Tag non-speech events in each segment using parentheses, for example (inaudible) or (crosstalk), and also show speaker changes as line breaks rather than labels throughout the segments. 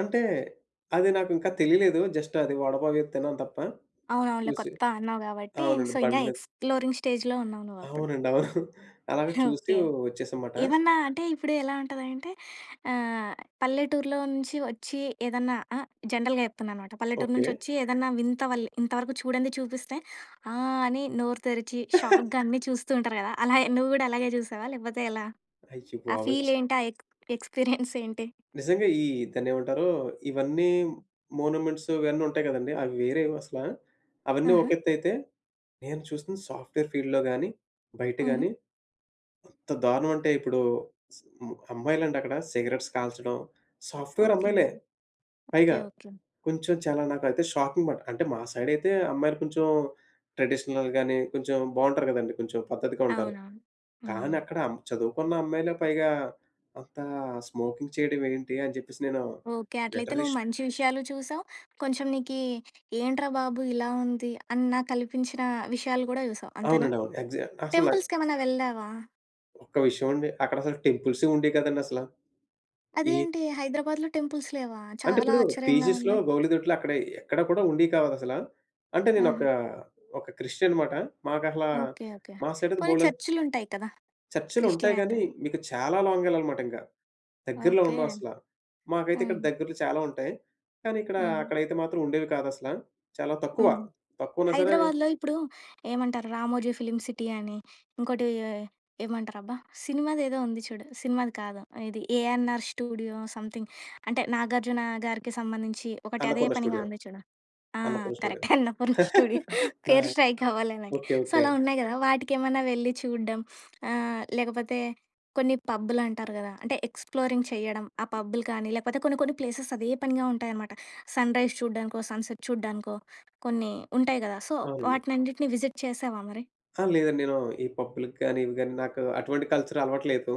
అంటే అది నాకు ఇంకా తెలియలేదు. జస్ట్ అది వడపావు ఏదో తిన్నాను తప్ప.
అవునవునులే.
చూసి
కొత్త అన్నావు గాబట్టి
అవునండి.
సో ఇంగా
బండి మీద.
ఎక్స్‌ప్లోరింగ్ స్టేజ్‌లో ఉన్నావు నువ్వప్పుడు.
అవునండి. అవును. (chuckles) అలాగే
(chuckles)
చూసి
ఓకే.
వచ్చేసాన్నమాట.
ఏమన్నా అంటే ఇప్పుడు ఎలా ఉంటదంటే ఆహ్, పల్లెటూరులో నుంచి వచ్చి ఏదన్నా ఆహ్, జనరల్‌గా జెప్తున్నా అనమాట. పల్లెటూరు
ఓకే.
నుంచి వచ్చి ఏదన్నా వింత వాల్ ఇంతవరకు చూడండి చూపిస్తే ఆహ్, అని నోరు తెరిచి షాక్‌గా
(chuckles)
అన్నీ చూస్తూ ఉంటారు గదా! అలాగే నువ్వు గూడా అలాగే చూసావా లేకపోతే ఎలా? ఆ
అయ్యబాబోయి!
ఫీల్ ఏంటి? ఆ ఎక్ ఎక్స్‌పీరియన్స్ (chuckles) ఏంటి?
నిజంగా. ఈ దాన్నేమంటారు? ఇవన్నీ మోనోమేంట్స్ ఇవన్నీ ఉంటాయి గదండీ! అవి వేరేవి అసల అవన్నీ
ఆహా!
ఒకెత్తయితే, నేను చూసిన సాఫ్ట్‌వేర్ ఫీల్డ్‌లో గాని, బయట గాని.
హుహు.
ఎంత దారుణం అంటే ఇప్పుడు హ్మ్. అమ్మాయిలండక్కడ సిగరెట్స్ కాల్చడం సాఫ్ట్‌వేర్
ఓకే.
అమ్మాయిలే. పైగా.
ఓకే. ఓకే.
కొంచెం చాలా నాకైతే షాకింగ్ బట్ అంటే మా సైడ్ అయితే అమ్మాయిలు కొంచెం ట్రెడిషనల్ గాని కొంచెం బావుంటారు గదండీ. కొంచెం పద్ధతిగా ఉంటారు.
అవునవును.
కానీ
హ్మ్.
అక్కడ అం చదువుకున్న అమ్మాయిలే పైగా అంతా స్మోకింగ్ చేయడం ఏంటి? అని చెప్పేసి నేను
ఓకే. అట్లయితే
లటరల్లీ
నువ్వు
ష్
మంచి విషయాలు చూసావు కొంచెం నీకీ ఏంట్రా బాబు ఇలా ఉంది! అన్న కల్పించిన విషయాలు గూడా చూసావు అంతేనా?
అవునండి. అవును. ఎగ్సా అసల నాక్
టెంపుల్స్‌కేమైనా వెళ్ళావా?
ఒక్క విషయం అండి. అక్కడ అసల టెంపుల్సే ఉండేయి కాదండసల. ఈ
అదేంటి హైదరాబాద్‌లో టెంపుల్స్ లేవా?
అంటే
చాలా
ఇప్పుడు
ఆశ్చర్యంగా
పీజీస్‌లో
ఉంది.
గౌలిదొట్లు అక్కడ ఎక్కడ కూడా ఉండేయి కాదసల. అంటే నేను ఒక
ఆహా!
ఒక క్రిస్టియన్ మాట. మాకసలా
ఓకే. ఓకే.
మా సైడ్ అయితే
పోనీ
బోల్‌‌డన్
చర్చ్‌లుంటాయి కదా!
చర్చ్‌లు ఉంటాయి
క్రిస్టియన్ అయితే.
గానీ మీకు చాలా లాంగ్ యెళ్ళాలనమాట ఇంగ. దగ్గరలో
ఓకే.
ఉండవసల. మాకైతే ఇక్కడ
హుహు.
దగ్గర్లో చాలా ఉంటాయి. కానీ ఇక్కడ
హ్మ్.
అక్కడైతే మాత్రం ఉండేవి కాదసల. చాలా తక్కువ.
హ్మ్.
తక్కువున్నా సరే
హైదరాబాద్‌లో ఇప్పుడు ఏమంటారు 'రామోజీ ఫిల్మ్ సిటీ' అని, ఇంకోటి ఏ ఏమంటారబ్బా? సినిమాదేదో ఉంది చూడు. సినిమాది కాదు ఇది 'ఏఎన్ఆర్ స్టూడియో' సమ్‌థింగ్ అంటే 'నాగార్జున' గారికి సంబంధించి ఒకటి అదే
'అన్నపూర్ణ
పనిగా
స్టూడియో'.
ఉంది చూడు. ఆ!
'Annapurna studio'.
Correct. 'Annapurna studio'.
(chuckles) ఆ!
పేరు స్ట్రైక్ అవ్వలే నాకి.
ఓకే.
So
okay.
అలా ఉన్నాయి గదా! వాటికేమన్నా వెళ్లి చూడడం. ఆహ్, లేకపోతే కొన్ని పబ్బులంటారు గదా! అంటే ఎక్స్‌ప్లోరింగ్ చేయడం. ఆ పబ్బులు కానీ లేకపోతే కొన్ని కొన్ని ప్లేసెస్ అదే పనిగా ఉంటాయన్నమాట. సన్‌రైజ్ చూడ్డానికో, సన్‌సెట్ చూడ్డానికో కొన్ని ఉంటాయి గదా! సో
అవునండి.
వాటినన్నిటిని విజిట్ చేశావా మరి?
ఆ! లేదండి. నేను ఈ పబ్‌లకి గాని, ఇవి గాని నాకు అటువంటి కల్చర్ అలవాటు లేదు.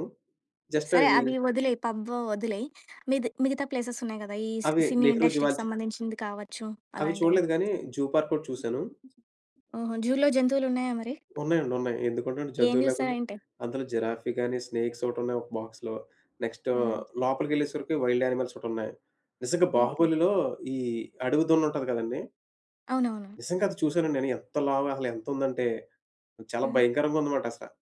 జస్ట్
సరే.
అవి
అవి వదిలేయి. పబ్ అవొదిలేయి. మిది మిగతా ప్లేసెస్ ఉన్నాయి కదా! ఈ సి
అవి
సినీ
నెహ్రూ
ఇండస్ట్రీకి
జువాలజీ
సంబంధించింది కావచ్చు.
అవి
అలాంటివి.
చూడలేదు గానీ జూ పార్క్ ఒకటి చూసాను.
ఓహో! జూలో జంతువులున్నాయా మరి?
ఉన్నాయండి. ఉన్నాయి. ఎందుకుండవండి?
ఏం
జంతువు లేకుండా.
చూసారెంటి?
అందులో జిరాఫీ గాని స్నేక్స్ ఒకటి ఉన్నాయి ఒక బాక్స్‌లో. నెక్స్ట్
ఆహా!
లోపలికెళ్ళేసరికి వైల్డ్ యానిమల్స్ ఒకటి ఉన్నాయి. నిజంగా
ఓకే.
బాహుబలిలో ఈ అడవి దున్న ఉంటది కదండీ!
అవునవును.
నిజంగా అది చూసాను. నేను ఎంత లావు అసలు ఎంతుందంటే చాలా
ఆ!
భయంకరంగా ఉంది మాట అసల.